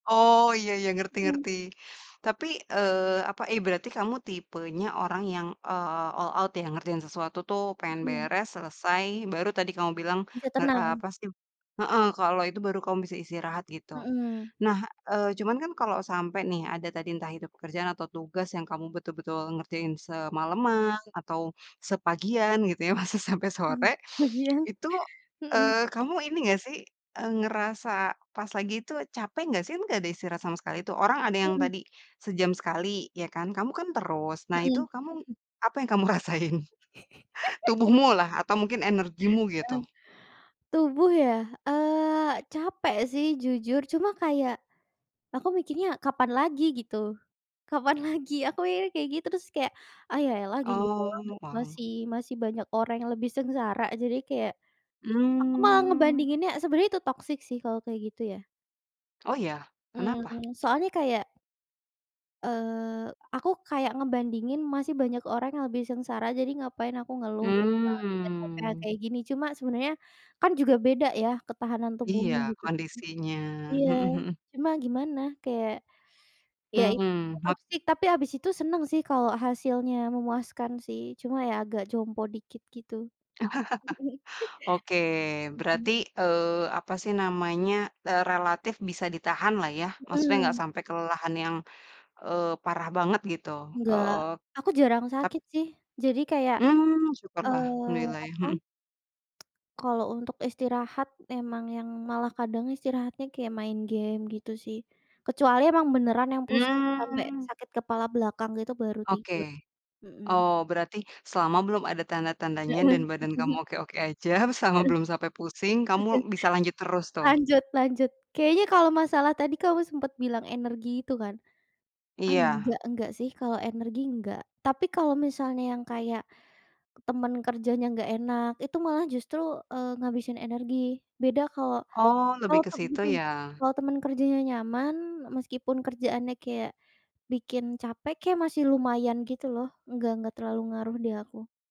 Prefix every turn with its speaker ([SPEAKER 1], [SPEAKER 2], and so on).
[SPEAKER 1] Oh, iya iya, ngerti
[SPEAKER 2] Mmm.
[SPEAKER 1] ngerti. Tapi, eee, apa, eh berarti kamu tipenya orang yang, eee, all out yang ngerjain sesuatu tuh pengen
[SPEAKER 2] Mmm.
[SPEAKER 1] beres selesai baru tadi kamu bilang
[SPEAKER 2] Bisa
[SPEAKER 1] nge
[SPEAKER 2] tenang.
[SPEAKER 1] apa sih heeh, kalau itu baru kamu bisa istirahat gitu.
[SPEAKER 2] Mmm.
[SPEAKER 1] Nah, eee, cuman kan kalau sampai nih ada tadi entah itu pekerjaan atau tugas yang kamu betul-betul ngerjain semaleman atau sepagian gitu ya, masa sampe
[SPEAKER 2] Mmm,
[SPEAKER 1] sore
[SPEAKER 2] ya.
[SPEAKER 1] itu,
[SPEAKER 2] Mmm.
[SPEAKER 1] eee, kamu ini nggak sih ngerasa pas lagi itu capek gak sih? Kan nggak ada istirahat sama sekali tuh. Orang ada yang
[SPEAKER 2] Mmm.
[SPEAKER 1] tadi sejam sekali ya kan, kamu kan terus. Nah itu
[SPEAKER 2] Mmm.
[SPEAKER 1] kamu, apa yang kamu rasain? Tubuhmulah atau mungkin energimu gitu.
[SPEAKER 2] Heeh. Tubuh ya? Eee, capek sih jujur, cuma kayak aku mikirnya kapan lagi gitu, kapan lagi. Aku mikirnya kayak gitu terus kayak, "Ah, ya elah gini doang
[SPEAKER 1] Oh,
[SPEAKER 2] gitu,
[SPEAKER 1] wow.
[SPEAKER 2] masih masih banyak orang yang lebih sengsara," jadi kayak aku malah
[SPEAKER 1] Mmm.
[SPEAKER 2] ngebandinginnya sebenarnya itu toxic sih kalau kayak gitu ya.
[SPEAKER 1] Oh, ya? Kenapa?
[SPEAKER 2] Mmm, soalnya kayak eee, aku kayak ngebandingin masih banyak orang yang lebih sengsara, jadi ngapain aku ngeluh gitu kan dengan capek yang
[SPEAKER 1] Mmm.
[SPEAKER 2] kayak gini. Cuma sebenarnya kan juga beda ya ketahanan
[SPEAKER 1] Iya,
[SPEAKER 2] tubuhnya gitu-gitu.
[SPEAKER 1] kondisinya.
[SPEAKER 2] Iya.
[SPEAKER 1] Hmm hmm.
[SPEAKER 2] Cuma gimana kayak, iya itu
[SPEAKER 1] Mmm, hap
[SPEAKER 2] toxic tapi habis itu seneng sih kalau hasilnya memuaskan sih. Cuma ya agak jompo dikit gitu.
[SPEAKER 1] Oke,
[SPEAKER 2] Mmm.
[SPEAKER 1] berarti, eee, apa sih namanya, relatif bisa ditahanlah ya. Maksudnya nggak
[SPEAKER 2] Mmm.
[SPEAKER 1] sampe kelelahan yang, eee, parah banget gitu?
[SPEAKER 2] Nggak.
[SPEAKER 1] Oh.
[SPEAKER 2] Aku jarang
[SPEAKER 1] Ta
[SPEAKER 2] sakit sih, jadi kayak,
[SPEAKER 1] Mmm, syukurlah
[SPEAKER 2] eee,
[SPEAKER 1] alhamdulillah ya.
[SPEAKER 2] apa,
[SPEAKER 1] Hmm.
[SPEAKER 2] kalau untuk istirahat emang yang malah kadang istirahatnya kayak main game gitu sih, kecuali emang beneran yang pusing sampai
[SPEAKER 1] Mmm.
[SPEAKER 2] sakit kepala belakang gitu baru
[SPEAKER 1] Oke.
[SPEAKER 2] tidur. Mmm.
[SPEAKER 1] Oh, berarti selama belum ada tanda-tandanya
[SPEAKER 2] Heeh.
[SPEAKER 1] dan badan kamu oke-oke aja, selama
[SPEAKER 2] Heeh.
[SPEAKER 1] belum sampai pusing kamu bisa lanjut terus tuh.
[SPEAKER 2] Lanjut lanjut, kayaknya kalau masalah tadi kamu sempat bilang energi itu kan?
[SPEAKER 1] Iya.
[SPEAKER 2] Enggak enggak sih kalau energi nggak. Tapi kalau misalnya yang kayak teman kerjanya nggak enak itu malah justru, eee, ngabisin energi. Beda kalau
[SPEAKER 1] Oh, lebih
[SPEAKER 2] kalau
[SPEAKER 1] ke
[SPEAKER 2] tem
[SPEAKER 1] situ
[SPEAKER 2] mmm,
[SPEAKER 1] ya.
[SPEAKER 2] kalau temen kerjanya nyaman, meskipun kerjaannya kayak bikin capek ya masih lumayan gitu loh, nggak nggak terlalu ngaruh di aku.